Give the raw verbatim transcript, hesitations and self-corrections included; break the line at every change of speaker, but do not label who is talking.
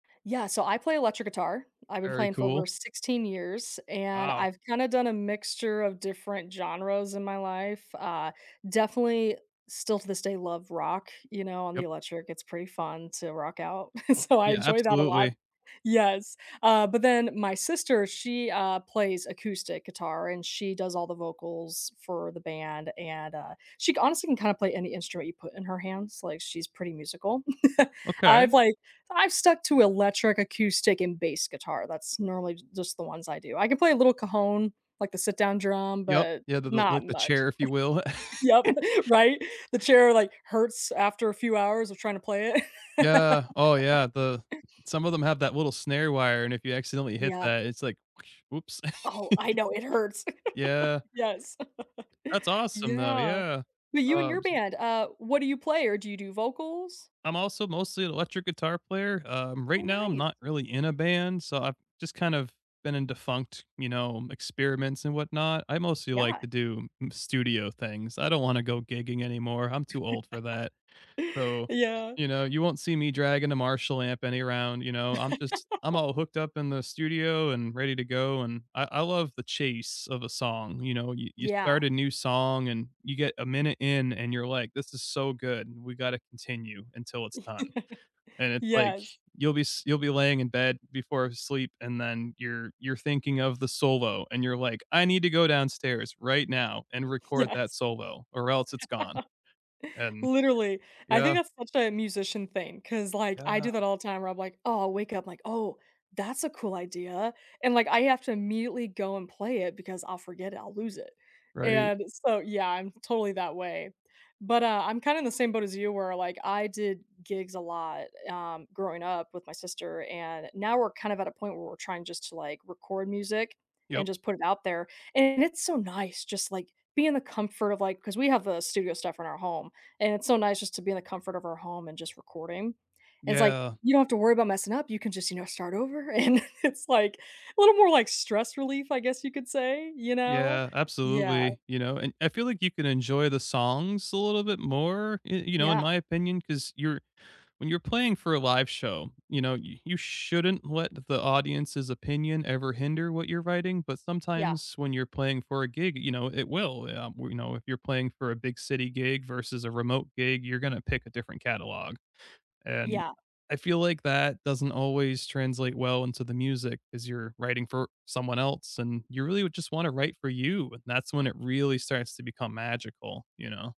Yeah, so I play electric guitar. I've been
Very
playing for over
cool.
sixteen years and
Wow.
I've kinda done a mixture of different genres in my life. Uh, definitely still to this day love rock, you know, on the
Yep.
electric; it's pretty fun to rock out. So, I
Yeah,
enjoy that a lot.
absolutely.
Yes. Uh, but then my sister, she, uh, plays acoustic guitar and she does all the vocals for the band and, uh, she c honestly can kinda play any instrument you put in her hands; like, she's pretty musical.
Okay.
I've like I've stuck to electric, acoustic, and bass guitar. That's normally j just the ones I do. I can play a little cajon, like the sit-down drum,
Yep.
but
Yeah, the the,
not
like, the
much.
chair, if you will.
Yep. Right? The chair, like, hurts after a few hours of tryna play it.
Yeah. Oh, yeah. The some of them have that little snare wire, and if you accidentally hit
Yeah.
that, it's like, oops.
Oh, I know. It hurts.
Yeah.
Yes.
That's awesome, though.
Yeah.
Yeah.
But you and
Uh,
your
s
band, uh, what do you play, or do you do vocals?
I'm also mostly electric guitar player. Um,
Oh,
right now, I'm
nice.
not really in a band, so I've just kind of been in defunct, you know, experiments and whatnot. I mostly like
Yeah.
to do m studio things. I don't wanna go gigging anymore; I'm too old for that. So,
Yeah.
you know, you won't see me dragging a Marshall amp any round. You know, I'm just I'm all hooked up in the studio and ready to go. And I I love the chase of a song, you know? You you
Yeah.
start a new song, and you get a minute in, and you're like, "This is so good. We gotta continue until it's done." And it's like,
Yes.
you'll be s you'll be laying in bed before sleep, and then you're you're thinking of the solo and you're like, "I need to go downstairs right now and record that
Yes.
solo or else it's gone." And
Literally. I think
yeah.
that's such a musician thing 'cause like I do
Yeah.
that all the time where I'm, like, "Oh" I'll wake up like, "That's a cool idea," and, like I have to immediately go and play it because I'll forget it I'll lose it,
Right.
and so, yeah, I'm totally that way. But, uh, I'm kinda in the same boat as you where I did gigs a lot, um, growing up with my sister and now we're kind of at a point where we're trying just to, like, record music and
Yep.
just put it out there. And it's so nice just, like, be in the comfort of, like 'cause we have the studio stuff in our home and it's so nice just to be in the comfort of our home and just recording, and it's like,
Yeah.
you don't have to worry about messing up; you can just, you know, start over, and it's like little more like stress relief, I guess, you could say, you know?
Yeah.
Yeah.
Absolutely, you know? And I feel like you can enjoy the songs a little bit more, y you know, in
Yeah.
my opinion, 'cause you're when you're playing for a live show, you know, y you shouldn't let the audience's opinion ever hinder what you're writing, but
Yeah.
sometimes when you're playing for a gig, you know, it will, um, you know, if you're playing for a big city gig versus a remote gig, you're gonna pick a different catalog, and
Yeah.
I feel like that doesn't always translate well into the music as you're writing for someone else, and you really would just wanna write for you and that's when it really starts to become magical, you know?